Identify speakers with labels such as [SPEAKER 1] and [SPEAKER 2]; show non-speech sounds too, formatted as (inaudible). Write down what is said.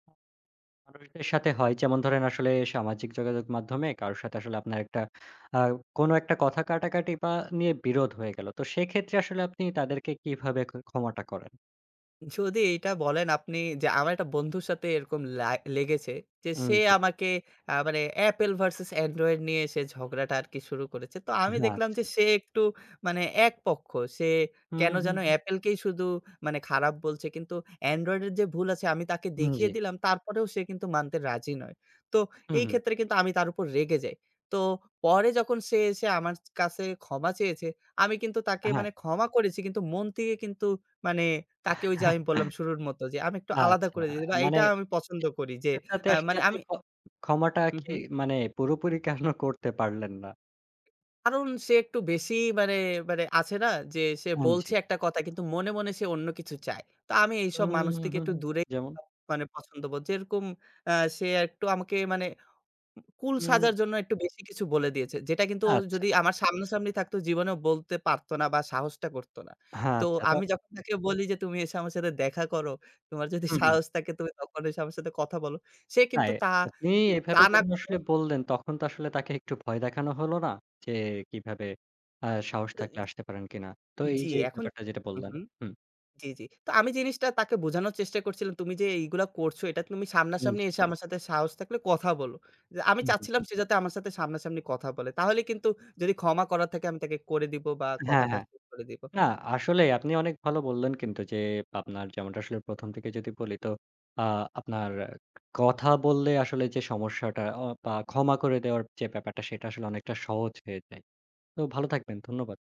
[SPEAKER 1] আ মানুষদের সাথে হয় যেমন ধরেন আসলে সামাজিক যোগাযোগ মাধ্যমে কারো সাথে আসলে আপনার একটা আ কোনো একটা কথা কাটাকাটি বা নিয়ে বিরোধ হয়ে গেল। তো সেক্ষেত্রে আসলে আপনি তাদেরকে কিভাবে খ ক্ষমাটা করেন?
[SPEAKER 2] যদি এটা বলেন আপনি যে আমার একটা বন্ধুর সাথে এরকম লা লেগেছে যে
[SPEAKER 1] উম,
[SPEAKER 2] সে
[SPEAKER 1] জি।
[SPEAKER 2] আমাকে আ মানে Apple ভার্সেস Android নিয়ে সে ঝগড়াটা আরকি শুরু করেছে। তো আমি দেখলাম
[SPEAKER 1] আচ্ছা।
[SPEAKER 2] যে সে একটু মানে একপক্ষ। সে
[SPEAKER 1] হুম,
[SPEAKER 2] কেনো
[SPEAKER 1] হুম,
[SPEAKER 2] যেনো
[SPEAKER 1] হুম।
[SPEAKER 2] Apple-কেই শুধু মানে খারাপ বলছে, কিন্তু Android-এর যে ভুল আছে আমি তাকে
[SPEAKER 1] উম
[SPEAKER 2] দেখিয়ে
[SPEAKER 1] জি।
[SPEAKER 2] দিলাম তারপরেও সে কিন্তু মানতে রাজি নয়। তো
[SPEAKER 1] হুম,
[SPEAKER 2] এই
[SPEAKER 1] হুম।
[SPEAKER 2] ক্ষেত্রে কিন্তু আমি তার উপর রেগে যাই। তো পরে যখন সে এসে আমার কাছে ক্ষমা চেয়েছে, আমি কিন্তু তাকে
[SPEAKER 1] অ্যা হ্যাঁ
[SPEAKER 2] মানে ক্ষমা করেছি কিন্তু মন কিন্তু মানে তাকে ওই যে আমি বললাম
[SPEAKER 1] (chuckles)
[SPEAKER 2] শুরুর মতো যে আমি একটু আলাদা
[SPEAKER 1] আচ্ছা।
[SPEAKER 2] করে, এ বা
[SPEAKER 1] মানে
[SPEAKER 2] এইটা আমি পছন্দ করি যে এ
[SPEAKER 1] (unintelligible) আসলে
[SPEAKER 2] মানে
[SPEAKER 1] আপনি
[SPEAKER 2] আমি
[SPEAKER 1] খ ক্ষমাটা
[SPEAKER 2] হুম,
[SPEAKER 1] কি
[SPEAKER 2] হুম।
[SPEAKER 1] মানে পুরোপুরি কেন (chuckles) করতে পারলেন না?
[SPEAKER 2] কারণ সে একটু বেশি মানে, মানে আছে না? যে সে
[SPEAKER 1] পুঞ্জি।
[SPEAKER 2] বলছে একটা কথা, কিন্তু মনে মনে সে অন্য কিছু চায়। তো আমি এইসব
[SPEAKER 1] উম
[SPEAKER 2] মানুষ থেকে
[SPEAKER 1] হু,
[SPEAKER 2] একটু
[SPEAKER 1] হুম।
[SPEAKER 2] দূরে
[SPEAKER 1] যেমন?
[SPEAKER 2] (unintelligible) পছন্দবোধ যে রকম অ্যা সে একটু আমাকে মানে কুল
[SPEAKER 1] উম।
[SPEAKER 2] সাজার জন্য, একটু বেশি কিছু বলে দিয়েছে। যেটা কিন্তু
[SPEAKER 1] আচ্ছা।
[SPEAKER 2] যদি আমার সামনাসামনি থাকতো জীবনেও বলতে পারতো না বা সাহসটা করতো না।
[SPEAKER 1] হ্যাঁ,
[SPEAKER 2] তো
[SPEAKER 1] আচ্ছা। টো
[SPEAKER 2] আমি যখন তাকে বলি যে তুমি এসে আমার সাথে দেখা করো, তোমার যদি
[SPEAKER 1] উ হুম।
[SPEAKER 2] সাহস থাকে তখন এসে আমার সাথে কথা বলো। সে
[SPEAKER 1] না
[SPEAKER 2] কিন্তু
[SPEAKER 1] এ
[SPEAKER 2] তা
[SPEAKER 1] আপনি
[SPEAKER 2] তা
[SPEAKER 1] এভাবে
[SPEAKER 2] না
[SPEAKER 1] যখন
[SPEAKER 2] করে
[SPEAKER 1] আসলে বললেন, তখন তো আসলে তাকে একটু ভয় দেখানো হলো না? যে কিভাবে অ্যা সাহস
[SPEAKER 2] অ্যা
[SPEAKER 1] থাকলে
[SPEAKER 2] ইজ।
[SPEAKER 1] আসতে পারেন কিনা। তো এই
[SPEAKER 2] জি
[SPEAKER 1] যে
[SPEAKER 2] এখন
[SPEAKER 1] ব্যাপারটা যেটা
[SPEAKER 2] হুম,
[SPEAKER 1] বললেন।
[SPEAKER 2] হুম।
[SPEAKER 1] হুম।
[SPEAKER 2] জি, জি। তো আমি জিনিসটা তাকে বোঝানোর চেষ্টা করছিলাম, তুমি যে এইগুলা করছো এটা তুমি
[SPEAKER 1] উম
[SPEAKER 2] সামনাসামনি
[SPEAKER 1] জি।
[SPEAKER 2] এসে আমার সাথে সাহস থাকলে কথা বলো। যে আমি
[SPEAKER 1] হুম, হুম।
[SPEAKER 2] চাচ্ছিলাম সে যাতে আমার সাথে সামনাসামনি কথা বলে। তাহলে কিন্তু যদি ক্ষমা করার থাকে আমি তাকে করে দিবো বা
[SPEAKER 1] হ্যাঁ,
[SPEAKER 2] কথাটা
[SPEAKER 1] হ্যাঁ।
[SPEAKER 2] শেষ করে দিব।
[SPEAKER 1] না আসলেই আপনি অনেক ভালো বললেন কিন্তু যে, আপনার যেমনটা আসলে প্রথম থেকে যদি বলি তো আ আপনার কথা বললে আসলে যে সমস্যাটা, অ বা ক্ষমা করে দেওয়ার যে ব্যাপারটা সেটা আসলে অনেকটা সহজ হয়ে যায়। তো ভালো থাকবেন। ধন্যবাদ।